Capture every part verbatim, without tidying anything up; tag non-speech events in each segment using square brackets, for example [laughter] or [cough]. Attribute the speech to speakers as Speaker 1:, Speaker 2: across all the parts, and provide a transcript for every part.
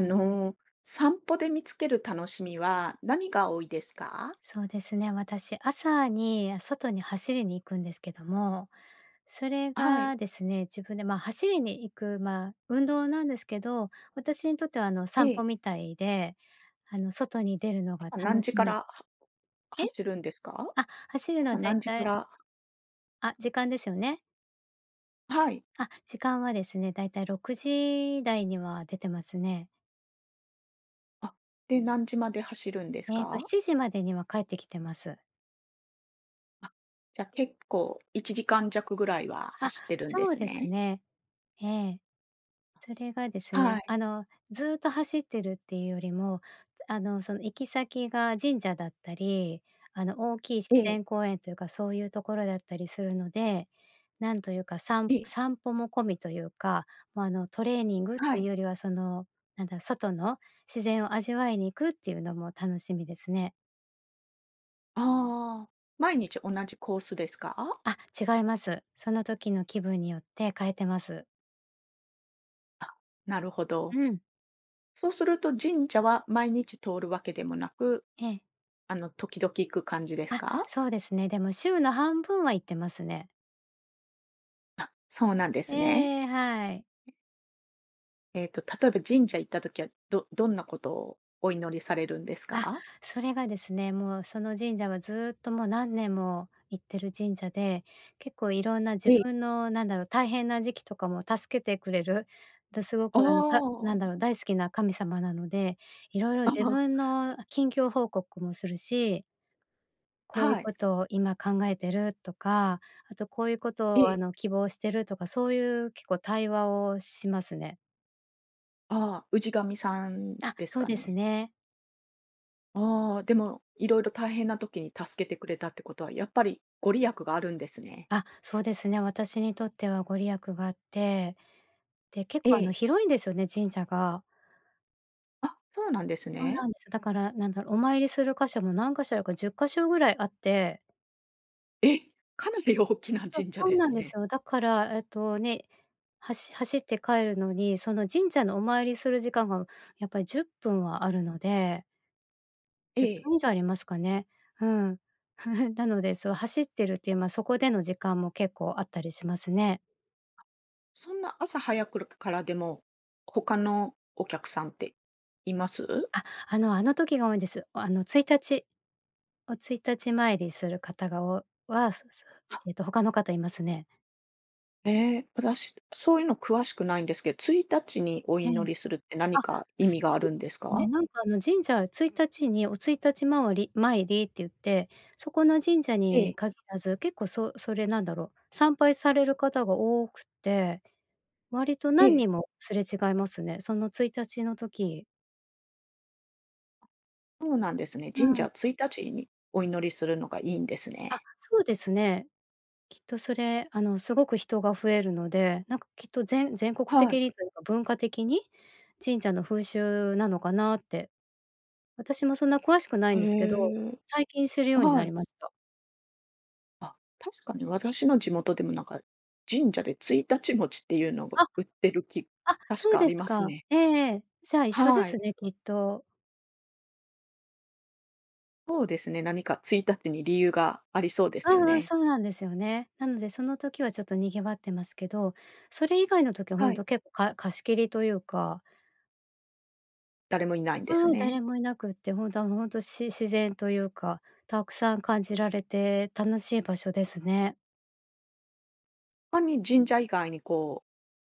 Speaker 1: あの、散歩で見つける楽しみは何が多いですか？
Speaker 2: そうですね。私朝に外に走りに行くんですけども、それ
Speaker 1: はい。
Speaker 2: がですね、自分で、ま、走りに行く、ま、運動なんですけど、私にとってはあの
Speaker 1: え
Speaker 2: 散歩
Speaker 1: え。
Speaker 2: みたいで、あの外に出るのが
Speaker 1: 朝何
Speaker 2: 楽
Speaker 1: 時
Speaker 2: し
Speaker 1: から
Speaker 2: み
Speaker 1: は
Speaker 2: え？
Speaker 1: 走るんですか？
Speaker 2: あ、走るのは
Speaker 1: 朝
Speaker 2: 大
Speaker 1: 何時か
Speaker 2: 体
Speaker 1: ら。
Speaker 2: あ、時間ですよね。
Speaker 1: はい。
Speaker 2: あ、時間はですね、だいたいろくじだいには出てますね。
Speaker 1: あ、で、何時まで走るんです
Speaker 2: えっと、し
Speaker 1: か？
Speaker 2: ちじまでには帰ってきてます。
Speaker 1: あ、じゃ、結構いちじかんじゃくぐらいは
Speaker 2: あ、
Speaker 1: 走ってるんで
Speaker 2: そう
Speaker 1: す
Speaker 2: です
Speaker 1: ね。
Speaker 2: ね。ええ。それがですね、
Speaker 1: はい。
Speaker 2: あのずっと走ってるっていうよりも、あのその行き先が神社だったり、あの大きい自
Speaker 1: ええ。
Speaker 2: 然公園というか、そういうところだったりするので、何というか、さん
Speaker 1: え。
Speaker 2: 散歩も込みというか、ま、あのトレーニング
Speaker 1: は
Speaker 2: という
Speaker 1: い。
Speaker 2: よりは、その、なんだ、外の自然を味わいに行くっていうのも楽しみですね。
Speaker 1: ああ、毎日同じコースですか？
Speaker 2: あ、違います。その時の気分によって変えてます。
Speaker 1: あ、なるほど。
Speaker 2: うん。
Speaker 1: そうすると神社は毎日通るわけでもなく、
Speaker 2: ええ。
Speaker 1: あの、時々行く感じです
Speaker 2: あ、
Speaker 1: か？
Speaker 2: そうですね。でも週の半分は行ってますね。
Speaker 1: あ、そうなんですね。
Speaker 2: ええ、はい。
Speaker 1: えっと例えば神社行った時は、どどんなことをお祈りされるんです
Speaker 2: あ、
Speaker 1: か？
Speaker 2: それがですね、もうその神社はずっともう何年も行ってる神社で、結構色んな自
Speaker 1: ええ。
Speaker 2: 分の、何だろう、大変な時期とかも助けてくれる、で、すご
Speaker 1: あ
Speaker 2: くあの、たなんだろう、
Speaker 1: あ。
Speaker 2: 大好きな神様なので、色々
Speaker 1: あ
Speaker 2: 自
Speaker 1: あ。
Speaker 2: 分の近況報告もするしこういう
Speaker 1: はい。
Speaker 2: ことを今考えてるとか、あとこういうこと
Speaker 1: え
Speaker 2: をあ
Speaker 1: え。
Speaker 2: の希望してるとか、そういう結構対話をしますね。
Speaker 1: ああ、氏神さん
Speaker 2: あ、
Speaker 1: です
Speaker 2: そう
Speaker 1: か
Speaker 2: です
Speaker 1: ね。
Speaker 2: ね。
Speaker 1: ああ、でも、色々大変な時に助けてくれたってことは、やっぱりご利益があるんですね。
Speaker 2: あ、そうですね。私にとってはご利益があって、で、結
Speaker 1: え
Speaker 2: 構あの
Speaker 1: え。
Speaker 2: 広いんですよね、神社が。
Speaker 1: あ、そうなんです
Speaker 2: そう
Speaker 1: ね。
Speaker 2: なんです。だから、なんだお参りする箇所も、何箇所よこ、じゅっかしょぐらいあって
Speaker 1: え！かなり大きな
Speaker 2: そう、
Speaker 1: 神社
Speaker 2: そ
Speaker 1: で
Speaker 2: うな
Speaker 1: す
Speaker 2: んで
Speaker 1: ね。
Speaker 2: すよ。だからえっとね、はし走って帰るのにその神社のお参りする時間がやっぱりじゅっぷんはあるので
Speaker 1: え
Speaker 2: じゅっ
Speaker 1: え。
Speaker 2: ぷん以上ありますかね。うん。[chuckles] なのでそう走ってるっていう、ま、そこでの時間も結構あったりしますね。
Speaker 1: そんな朝早くるからでも、他のお客さんっています？
Speaker 2: あ、あのあの時が多いんです。あの、ついたちお朔日参りする方がお、はすすえっと他の方いますね。
Speaker 1: え、ぷらしそういうの詳しくないんですけついたちにお
Speaker 2: ええ、
Speaker 1: 祈りするって何
Speaker 2: あ、
Speaker 1: か意
Speaker 2: す
Speaker 1: 味があ
Speaker 2: そ
Speaker 1: るんです
Speaker 2: うね、
Speaker 1: か？
Speaker 2: なんかあの神社、ついたちにお朔日まわり参りって言って、そこの神社
Speaker 1: え
Speaker 2: に
Speaker 1: え。
Speaker 2: 限らず結構そう、それなんだろう、参拝される方が多くて、割と
Speaker 1: え
Speaker 2: 何
Speaker 1: え。
Speaker 2: 人もすれ違いますね。そのついたちの時。
Speaker 1: そうなんですね。
Speaker 2: う
Speaker 1: 神
Speaker 2: ん。
Speaker 1: 社、ついたちにお祈りするのがいいんです
Speaker 2: あ、
Speaker 1: ね。
Speaker 2: そうですね。きっとそれ、あの、すごく人が増えるので、なんかきっとぜん全国
Speaker 1: は
Speaker 2: 的
Speaker 1: い。
Speaker 2: にというか、文化的に？神社の風習なのかなって。私もそんな詳しくない
Speaker 1: へ
Speaker 2: んですけど、
Speaker 1: え。
Speaker 2: 最近するように
Speaker 1: は
Speaker 2: なり
Speaker 1: い。
Speaker 2: ました。
Speaker 1: あ、確かに私の地元でもなんか、神社で朔日餅っていうのが
Speaker 2: あ、
Speaker 1: 売ってるき
Speaker 2: あ、
Speaker 1: 確
Speaker 2: そう
Speaker 1: かあ
Speaker 2: で
Speaker 1: り
Speaker 2: す
Speaker 1: ます
Speaker 2: か。
Speaker 1: ね。
Speaker 2: ええええ、じゃあ一緒で
Speaker 1: はい。
Speaker 2: すね、きっと。
Speaker 1: そうですね、何かついたちに理由がありそうで
Speaker 2: う
Speaker 1: すよ
Speaker 2: んうん、
Speaker 1: ね。
Speaker 2: そうなんですよね。なので、その時はちょっと賑わってますけど、それ以外の時はほ
Speaker 1: は
Speaker 2: ん
Speaker 1: い。
Speaker 2: と結構か貸し切りというか
Speaker 1: 誰もいないんです
Speaker 2: うん、
Speaker 1: ね。
Speaker 2: 誰もいなくって、ほんたほんとし自然というか、たくさん感じられて楽しい場所ですね。
Speaker 1: かに神社以外にこう、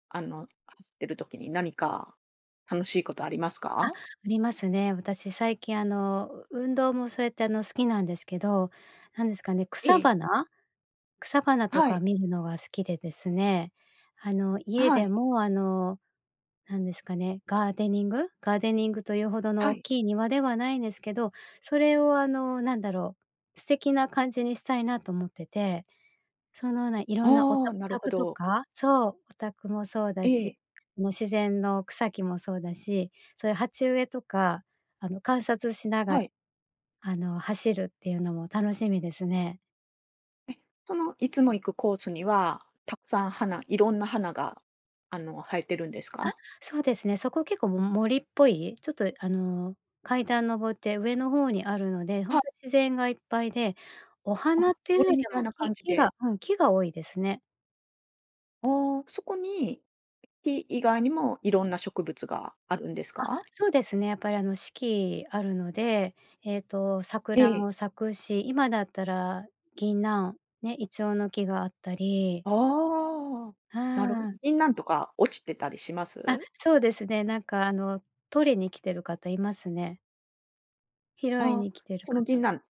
Speaker 1: あの、[unintelligible] てる時に何か楽しいことあります
Speaker 2: あ、あ
Speaker 1: か？
Speaker 2: りますね。私最近あの、う運動もそうやって、あの、好きなんですけど、何ですかね、
Speaker 1: え
Speaker 2: 草
Speaker 1: え。
Speaker 2: 花？草花と
Speaker 1: は
Speaker 2: か
Speaker 1: い。
Speaker 2: 見るのが好きでですね、あの、家
Speaker 1: は
Speaker 2: で
Speaker 1: い。
Speaker 2: もあの、何ですかね、ガーデニング？ガーデニングというほどの
Speaker 1: は
Speaker 2: 大
Speaker 1: い。
Speaker 2: きい庭ではないんですけど、それを、あの、なんだろう？素敵な感じにしたいなと思ってて。そのようないろんな、お
Speaker 1: あ
Speaker 2: た
Speaker 1: あ、
Speaker 2: お
Speaker 1: なるほ
Speaker 2: 宅と
Speaker 1: ど。
Speaker 2: か？そう、お宅もそうだ
Speaker 1: え
Speaker 2: し、
Speaker 1: え。
Speaker 2: もう自然の草木もそうだし、そういう鉢植えとか、あの、観察しなが
Speaker 1: はい。
Speaker 2: あの、走るっていうのも楽しみですね。
Speaker 1: え、その、いつも行くコースには、沢山花色んな花が、あの、生えてるんです
Speaker 2: あ、
Speaker 1: か？
Speaker 2: そうですね。そこ結構、も森っぽい、ちょっと、あの、階段登って上の方にあるので、ほん
Speaker 1: は。
Speaker 2: とに自然がいっぱいで。お花っ
Speaker 1: あ、
Speaker 2: て言うよ
Speaker 1: 森
Speaker 2: り
Speaker 1: みたい
Speaker 2: も
Speaker 1: な
Speaker 2: 木
Speaker 1: 感じ
Speaker 2: 木が
Speaker 1: で。
Speaker 2: うん、木が多いですね。
Speaker 1: ああ、そこに木以外にも、色んな植物があるんです
Speaker 2: あ、
Speaker 1: か？
Speaker 2: そうですね。やっぱり、あの、四季あるので。えっと、
Speaker 1: え
Speaker 2: 桜
Speaker 1: え。
Speaker 2: も咲くし。今だったら、銀杏ね。イチョウの木があったり。
Speaker 1: ああ、
Speaker 2: うー
Speaker 1: なるほど。
Speaker 2: ん。
Speaker 1: 銀杏とか落ちてたりしま
Speaker 2: あ、
Speaker 1: す？
Speaker 2: そうですね。なんか、あの、採りに来てる方いますね。拾い
Speaker 1: ああ、
Speaker 2: に来てる
Speaker 1: その
Speaker 2: 方。
Speaker 1: 銀杏、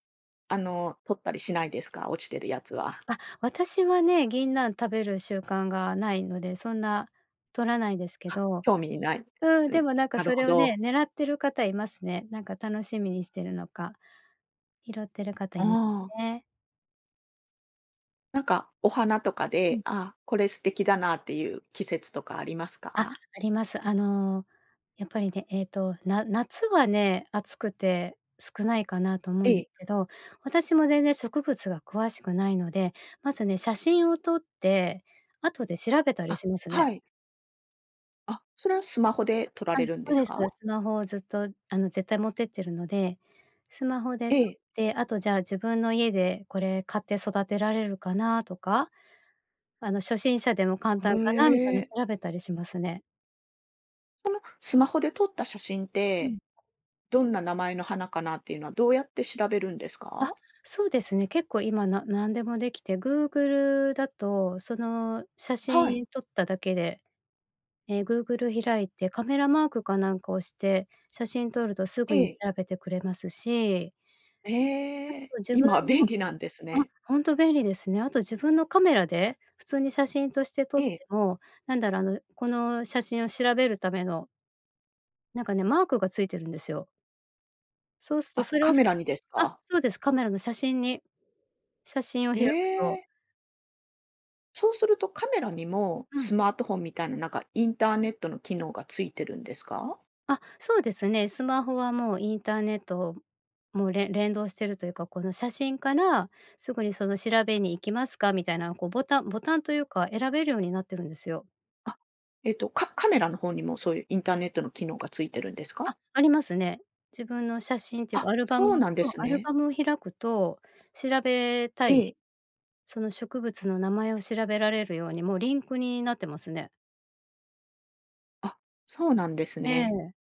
Speaker 1: あの、採ったりしないですか？落ちてるやつは。
Speaker 2: あ、私はね、銀杏食べる習慣がないので、そんな採らないですけ
Speaker 1: あ、
Speaker 2: ど。
Speaker 1: 興味ない。
Speaker 2: うん、
Speaker 1: う
Speaker 2: で
Speaker 1: ん、
Speaker 2: も、なんか
Speaker 1: なる
Speaker 2: そ
Speaker 1: ほ
Speaker 2: れをね、
Speaker 1: ど。
Speaker 2: 狙ってる方いますね。なんか楽しみにしてるのか、拾ってる方
Speaker 1: あ
Speaker 2: います
Speaker 1: あ。
Speaker 2: ね。
Speaker 1: なんかお花とか
Speaker 2: う
Speaker 1: で、
Speaker 2: ん。
Speaker 1: あ、これ素敵だなっていう季節とかあります
Speaker 2: あ、あ
Speaker 1: か？
Speaker 2: ります。あの、やっぱりね、えっとな夏はね、暑くて少ないかなと思うん
Speaker 1: え
Speaker 2: で
Speaker 1: え。
Speaker 2: すけど、私も全然植物が詳しくないので、まずね写真を撮って後で調べたり
Speaker 1: あ、
Speaker 2: しますね。
Speaker 1: はい。あ、それはスマホで撮ら
Speaker 2: あ、
Speaker 1: れ
Speaker 2: そ
Speaker 1: るんで
Speaker 2: う
Speaker 1: す
Speaker 2: です。
Speaker 1: か？
Speaker 2: スマホをずっとあの絶対持ってってるので、スマホで
Speaker 1: え
Speaker 2: 撮っ
Speaker 1: え。
Speaker 2: て、あとじゃあ自分の家でこれ買って育てられるかなとか。あの、初心者でも簡
Speaker 1: あ、
Speaker 2: 単かなみた
Speaker 1: え
Speaker 2: いな
Speaker 1: え。
Speaker 2: 調べたりしますね。
Speaker 1: そのスマホで撮った写真っ
Speaker 2: うん。
Speaker 1: て、どんな名前の花かなっていうのはどうやって調べるんです
Speaker 2: あ、
Speaker 1: か？
Speaker 2: そうですね。結構今な何でもできて、Google だとその写
Speaker 1: はい。
Speaker 2: 真撮っただけで、ええ、Google 開いて、カメラマークかなんか押して、写真撮るとす
Speaker 1: え
Speaker 2: ぐに
Speaker 1: え。
Speaker 2: 調べてくれますしあ
Speaker 1: ええ、
Speaker 2: と自分
Speaker 1: 今
Speaker 2: の
Speaker 1: 便利なんです
Speaker 2: あ、
Speaker 1: ね。
Speaker 2: ほんと便利ですね。あと自分のカメラで普通に写真として撮っ
Speaker 1: ええ。
Speaker 2: ても、なんだろう、あの、この写真を調べるためのなんかね、マークがついてるんですよ。そうすと、
Speaker 1: あ、
Speaker 2: それ
Speaker 1: カ
Speaker 2: 押し
Speaker 1: メラにです
Speaker 2: あ、
Speaker 1: か？
Speaker 2: そうです、カメラの写真に、写真を開くと
Speaker 1: え！そうするとカメラにも
Speaker 2: うん。
Speaker 1: スマートフォンみたいな、なんかインターネットの機能がついてるんですか？
Speaker 2: あ、そうですね。スマホはもうインターネット、もうれ連動してるというか、この、写真からすぐにその、調べに行きますかみたいなのこう、ボタンボタンというか選べるようになってるんですよ。
Speaker 1: あ、えっと、カカメラの方にもそういうインターネットの機能が付いてるんです
Speaker 2: あ、
Speaker 1: か？
Speaker 2: ありますね。自分の写真っていうか
Speaker 1: あ、
Speaker 2: アルバム
Speaker 1: そうなんで
Speaker 2: そう、
Speaker 1: す
Speaker 2: アル
Speaker 1: ね。
Speaker 2: バムを開くと、調べた
Speaker 1: え
Speaker 2: い、
Speaker 1: え。
Speaker 2: その植物の名前を調べられるようにもうリンクになってますね。
Speaker 1: あ、そうなんです
Speaker 2: え
Speaker 1: ね。
Speaker 2: え。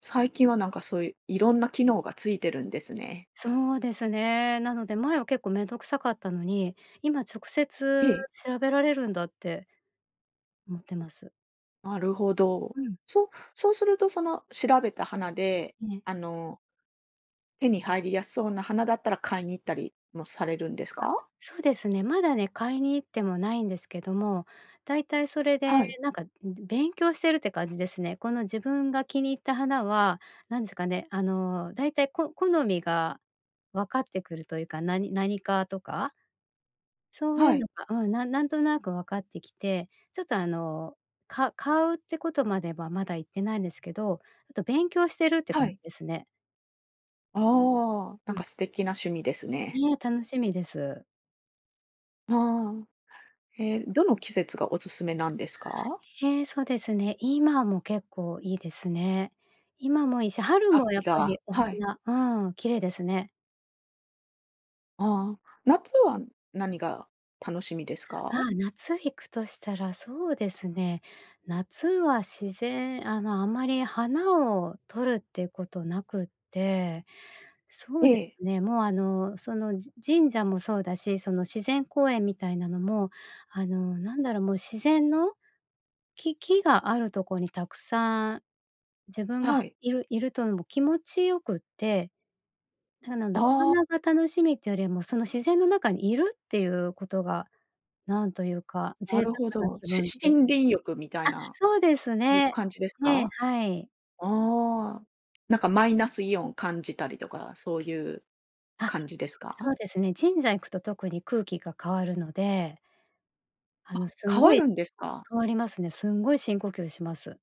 Speaker 1: 最近は、なんかそういういろんな機能がついてるんですね。
Speaker 2: そうですね。なので、前は結構めんどくさかったのに、今直
Speaker 1: え
Speaker 2: 接
Speaker 1: え。
Speaker 2: 調べられるんだって思ってます。
Speaker 1: なるほど。
Speaker 2: うん。
Speaker 1: そうそうするとその、調べた花で、
Speaker 2: ね。
Speaker 1: あの手に入りやすそうな花だったら、買いに行ったりもされるんです
Speaker 2: あ、
Speaker 1: か？
Speaker 2: そうですね、まだね、買いに行ってもないんですけども、だいたいそれで
Speaker 1: はい。
Speaker 2: なんか勉強してるって感じですね。この自分が気に入った花は、何ですかね、あの、だいたいこ好みが分かってくるというか、なに何科とか？そうい
Speaker 1: は
Speaker 2: うの
Speaker 1: い。
Speaker 2: がうん、なんなんとなく分かってきて、ちょっと、あの、か買うってことまではまだいってないんですけど、あと勉強してるって
Speaker 1: は
Speaker 2: 感じ
Speaker 1: い。
Speaker 2: ですね。
Speaker 1: ああ、なん
Speaker 2: うん。
Speaker 1: か素敵な趣味ですね。
Speaker 2: いえ、楽しみです。
Speaker 1: ああ、え、どの季節がおすすめなんですか？
Speaker 2: へえ。そうですね。今も結構いいですね。今もいいし、春もや
Speaker 1: 秋
Speaker 2: っぱり
Speaker 1: が
Speaker 2: お
Speaker 1: はい。
Speaker 2: 花うーん、綺麗ですね。
Speaker 1: ああ。夏は何が楽しみです
Speaker 2: あ
Speaker 1: か？
Speaker 2: あ、夏行くとしたらそうですね、夏は自然ああ、まあ、あまり花をとるっていうことなくって。そ
Speaker 1: え
Speaker 2: うで
Speaker 1: え。
Speaker 2: すね、もう、あの、その、じ神社もそうだし、その自然公園みたいなのもあの、なんだろう、もう自然のき木があるとこに沢山自分が
Speaker 1: はい。
Speaker 2: 居る居るともう気持ちよくて。ただ、なんなんだろ、お
Speaker 1: ああ。
Speaker 2: 花が楽しみっていうよりも、その自然の中に居るっていうことが、なんというか、
Speaker 1: な
Speaker 2: 贅沢
Speaker 1: るほ
Speaker 2: な
Speaker 1: ど。
Speaker 2: 気
Speaker 1: し
Speaker 2: 分と
Speaker 1: 森林浴みたい
Speaker 2: あ、
Speaker 1: な、
Speaker 2: そうです
Speaker 1: そういう
Speaker 2: ね。
Speaker 1: 感じです
Speaker 2: ええ、
Speaker 1: か？
Speaker 2: はい。
Speaker 1: ああ。なんかマイナスイオンを感じたりとか、そういう
Speaker 2: あ、
Speaker 1: 感じです
Speaker 2: そう
Speaker 1: か？
Speaker 2: ですね、神社行くと特に空気が変わるのであ
Speaker 1: あ、
Speaker 2: の、すん
Speaker 1: 変
Speaker 2: ご
Speaker 1: わ
Speaker 2: い
Speaker 1: るんですか？
Speaker 2: 変わりますね。すんごい深呼吸します。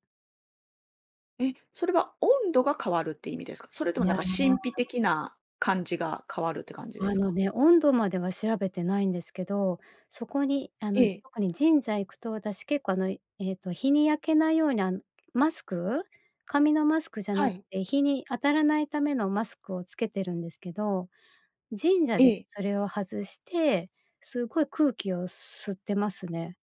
Speaker 1: え、それは温度が変わるって意味ですか？それと
Speaker 2: い
Speaker 1: も、な
Speaker 2: や。
Speaker 1: んか神秘的な感じが変わるって感じで
Speaker 2: あ
Speaker 1: す
Speaker 2: の
Speaker 1: か？
Speaker 2: ね、温度までは、調べてないんですけど、そこに、あの、
Speaker 1: ええ。
Speaker 2: 特にじんざ行くと、私、結構、あの、えっと、日に焼けないように、あん、マスク？紙のマスクじゃな
Speaker 1: は
Speaker 2: く
Speaker 1: い。
Speaker 2: て、日に当たらないためのマスクを付けてるんですけど、神社
Speaker 1: え
Speaker 2: で
Speaker 1: え。
Speaker 2: それを外して、すごい空気を吸ってますね。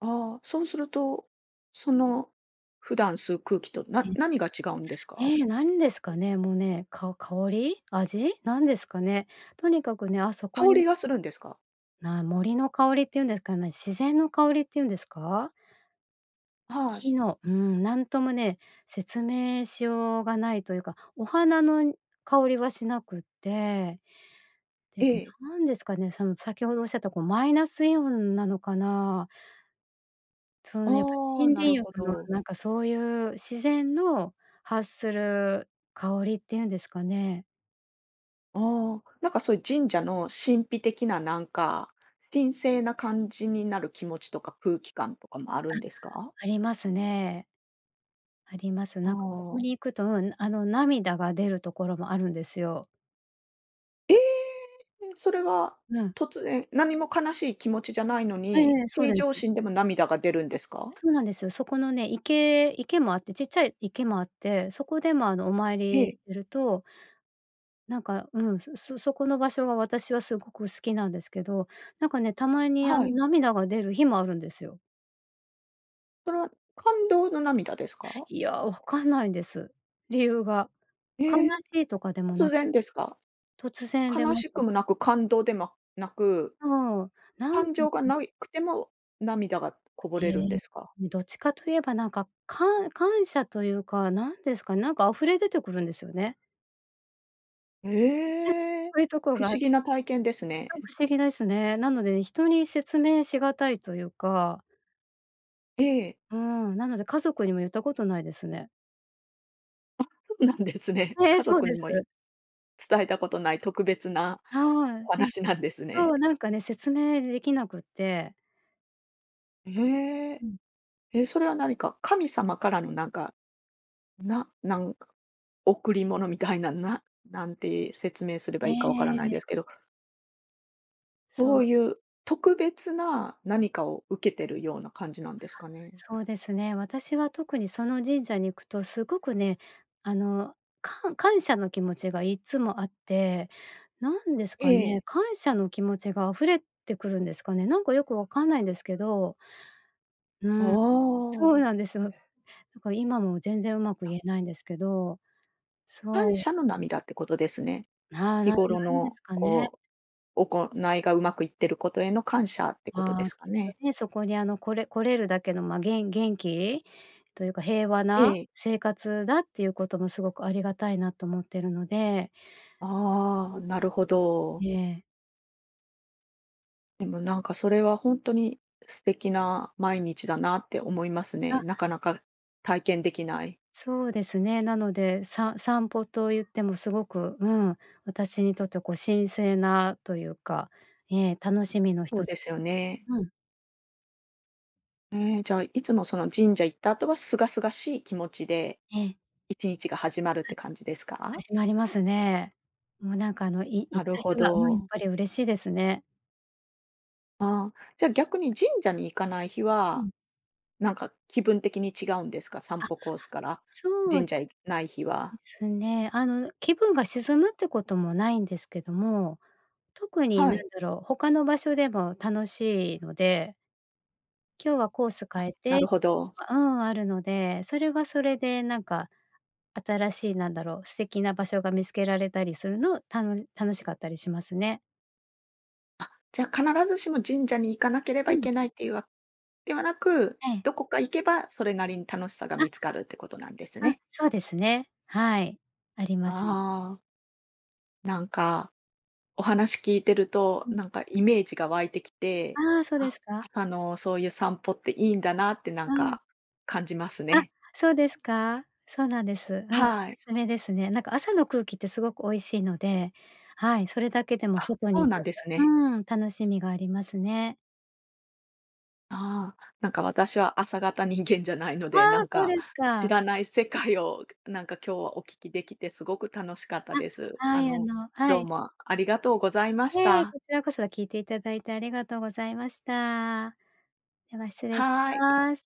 Speaker 1: ああ、そうすると、その普段吸う空気と、
Speaker 2: え、
Speaker 1: な何が違うんです
Speaker 2: え
Speaker 1: か？
Speaker 2: え、何ですかね。もう、ね、か香り？味？なんですかね。とにかくね、あそこ
Speaker 1: 香
Speaker 2: に
Speaker 1: りがするんですか？
Speaker 2: な、森の香りって言うんですかね。自然の香りって言うんですか？
Speaker 1: あ、はい。
Speaker 2: 木のうーん、なんともね、説明しようがないというか、お花のん、香りはしなくって、で
Speaker 1: え
Speaker 2: も、
Speaker 1: え。
Speaker 2: 何ですかね。その先ほどおっしゃった、こう、マイナスイオンなのかな？そう、やっぱ
Speaker 1: ああ、
Speaker 2: 森
Speaker 1: な
Speaker 2: 林
Speaker 1: るほ
Speaker 2: 浴の
Speaker 1: ど。
Speaker 2: なんか、そういう自然の発する香りっていうんですかね。
Speaker 1: ああ、なんかそういう神社の神秘的な、なんか、神聖な感じになる気持ちとか空気感とかもあるんですか？
Speaker 2: あ、ありますね。あります。
Speaker 1: あ
Speaker 2: なんかそこ
Speaker 1: あ。
Speaker 2: に行くとうん、あの、涙が出るところもあるんですよ。
Speaker 1: え！うん、それは
Speaker 2: うん。
Speaker 1: 突然、何も悲しい気持ちじゃないの
Speaker 2: え
Speaker 1: に、
Speaker 2: え、そう
Speaker 1: 平
Speaker 2: で
Speaker 1: 常
Speaker 2: す。
Speaker 1: 心でも涙が出るん
Speaker 2: あ、
Speaker 1: ですか？
Speaker 2: そうなんです。そこのね、池池もあって、ちっちゃい池もあって、そこでも、あの、お参
Speaker 1: え
Speaker 2: り
Speaker 1: え。
Speaker 2: するとなんか、うん、すそこの場所が私はすごく好きなんですけど、なんかね、たまにあ
Speaker 1: は
Speaker 2: の
Speaker 1: い。
Speaker 2: 涙が出る日もあるんですよ。
Speaker 1: それは感動の涙ですか？
Speaker 2: いや、わかんないんです。理由が。
Speaker 1: へ
Speaker 2: 悲
Speaker 1: え、
Speaker 2: しいとかでも
Speaker 1: 突
Speaker 2: な
Speaker 1: 然ですか？
Speaker 2: 突然出
Speaker 1: 悲
Speaker 2: ま
Speaker 1: し
Speaker 2: す。
Speaker 1: くもなく感動でもなく、
Speaker 2: そう、なん
Speaker 1: 感情が
Speaker 2: [unintelligible]
Speaker 1: ないくても、涙がこぼ
Speaker 2: へ
Speaker 1: れ
Speaker 2: え、
Speaker 1: るんですか？
Speaker 2: うん、どっちかといえばなんか、かん感謝というか、何ですか、なんか溢れ出てくるんですよね。え、
Speaker 1: え！
Speaker 2: そういうとこ
Speaker 1: 不
Speaker 2: が
Speaker 1: 思
Speaker 2: あ
Speaker 1: 議な体験です
Speaker 2: そう
Speaker 1: ね。
Speaker 2: 不思議ですね。なので人に説明しがたいというか
Speaker 1: ええ。
Speaker 2: うーん、なので家族にも言ったことないですね。
Speaker 1: あ、そうなんですね。
Speaker 2: ええ、
Speaker 1: 家
Speaker 2: そう
Speaker 1: 族
Speaker 2: で
Speaker 1: にもい
Speaker 2: す。
Speaker 1: 伝えたことない特別な
Speaker 2: は
Speaker 1: お
Speaker 2: い。え、
Speaker 1: 話なんです
Speaker 2: そ
Speaker 1: ね。
Speaker 2: う、なんかね、説明できなくて。
Speaker 1: ええ。
Speaker 2: うん。
Speaker 1: え、それは何か、神様からのなんか、ななんか、贈り物みたいな、な何て説明すれ
Speaker 2: え
Speaker 1: ばいいか分からない
Speaker 2: え。
Speaker 1: ですけど。
Speaker 2: そう
Speaker 1: そういう特別な何かを受けてるような感じなんですかね？
Speaker 2: そうですね、私は特にその神社に行くとすごくね、あの、かん感謝の気持ちがいつもあって、何ですか
Speaker 1: え
Speaker 2: ね、
Speaker 1: え。
Speaker 2: 感謝の気持ちが溢れてくるんですかね。なんかよく分かんないんですけどう
Speaker 1: あ
Speaker 2: ーん、そ
Speaker 1: あ。
Speaker 2: うなんですよ。だから今も全然上手く
Speaker 1: あ。
Speaker 2: 言えないんですけど、
Speaker 1: 感
Speaker 2: そう。
Speaker 1: 謝の涙ってことですね。
Speaker 2: な
Speaker 1: 日
Speaker 2: なんな
Speaker 1: 頃
Speaker 2: んで
Speaker 1: の
Speaker 2: すかね？
Speaker 1: こう、行いが上手くいっていることへの感謝ってこと
Speaker 2: あ
Speaker 1: で
Speaker 2: あ。
Speaker 1: すか
Speaker 2: きっと
Speaker 1: ね？
Speaker 2: ね、そこに、あの、これ来れるだけの、ま、げん元気？というか、平和
Speaker 1: え
Speaker 2: な
Speaker 1: え。
Speaker 2: 生活だっていうこともすごくありがたいなと思ってるので。
Speaker 1: ああ、なるほ
Speaker 2: うん、
Speaker 1: ど。
Speaker 2: ええ。
Speaker 1: でも、なんか、それはほんとに、素敵な毎日だなって思います
Speaker 2: あ。
Speaker 1: ね。なかなか体験出来ない。
Speaker 2: そうですね。なので、さ散歩と言っても、凄く、うん。私にとって、こう、神聖なというか。ええ、楽しみの
Speaker 1: そう
Speaker 2: 一つ
Speaker 1: ですよね。
Speaker 2: うん。
Speaker 1: ええ、じゃあ、いつも、その神社行った後は、清々しい気持ちで
Speaker 2: ええ。
Speaker 1: いちにちが始まるって感じです
Speaker 2: ん、
Speaker 1: か？
Speaker 2: 始まりますね。もうなんか、あの、い
Speaker 1: な
Speaker 2: 行っ
Speaker 1: る
Speaker 2: た
Speaker 1: ほ
Speaker 2: 日はうん、やっ
Speaker 1: ど。
Speaker 2: ぱり嬉しいですね。
Speaker 1: ああ、じゃあ、逆に神社に行かない日
Speaker 2: う
Speaker 1: は、
Speaker 2: ん。
Speaker 1: なんか気分的に違うんですか？散
Speaker 2: あ。
Speaker 1: 歩コースから、
Speaker 2: そう
Speaker 1: 神社行ない日
Speaker 2: で
Speaker 1: は。
Speaker 2: すね。あの気分が沈むって事もないんですけども、特に
Speaker 1: は
Speaker 2: 何
Speaker 1: い。
Speaker 2: だろう。他の場所でも楽しいので今日はコース
Speaker 1: あ、
Speaker 2: 変えて
Speaker 1: な
Speaker 2: っ
Speaker 1: るほど。
Speaker 2: うん。あるので、それは、それで、なんか、新しい何だろう。素敵な場所が見つけられたりするのを、たの楽しかったりしますね。
Speaker 1: あ、じゃあ、必ずしも神社に行かなけれ
Speaker 2: う
Speaker 1: ばい
Speaker 2: ん。
Speaker 1: けないというわではなく、
Speaker 2: ええ。
Speaker 1: 何処か行けば、それなりに楽しさが
Speaker 2: あ。
Speaker 1: 見つかるって事なんです
Speaker 2: うん、
Speaker 1: ね。
Speaker 2: そうですね。はい、あります。
Speaker 1: ああ。なんか、お話聞いてると、
Speaker 2: うん。
Speaker 1: なんかイメージが湧いてきて、
Speaker 2: ああ、そうで
Speaker 1: あ
Speaker 2: すか。
Speaker 1: 朝のそういう散歩っていいんだなってなん
Speaker 2: うん。
Speaker 1: か感じます
Speaker 2: あ、
Speaker 1: ね。
Speaker 2: そうですか？そうなんです。あ、おす
Speaker 1: はい。
Speaker 2: すめですね。なんか、朝の空気って凄く美味しいので、はい、それだけでも
Speaker 1: あ、
Speaker 2: 外
Speaker 1: そ
Speaker 2: に
Speaker 1: う
Speaker 2: 出
Speaker 1: なん
Speaker 2: る、
Speaker 1: ですね。
Speaker 2: うーん、楽しみがありますね。
Speaker 1: ああ、なんか、私は朝型人間じゃないの
Speaker 2: あ
Speaker 1: で、な
Speaker 2: あ、
Speaker 1: ん
Speaker 2: そうで
Speaker 1: か、
Speaker 2: す
Speaker 1: 知
Speaker 2: か。
Speaker 1: らない世界を、[chuckles] なんか、今日はお聞き出来て、凄く楽しかった
Speaker 2: あ、
Speaker 1: です。
Speaker 2: は
Speaker 1: あ
Speaker 2: い。あ
Speaker 1: の、
Speaker 2: のは
Speaker 1: どう
Speaker 2: い。
Speaker 1: もありがとうございまし
Speaker 2: ええ、
Speaker 1: た。
Speaker 2: こちらこそ。聞いて頂いて、ありがとうございました。では失礼し
Speaker 1: はい。
Speaker 2: ます。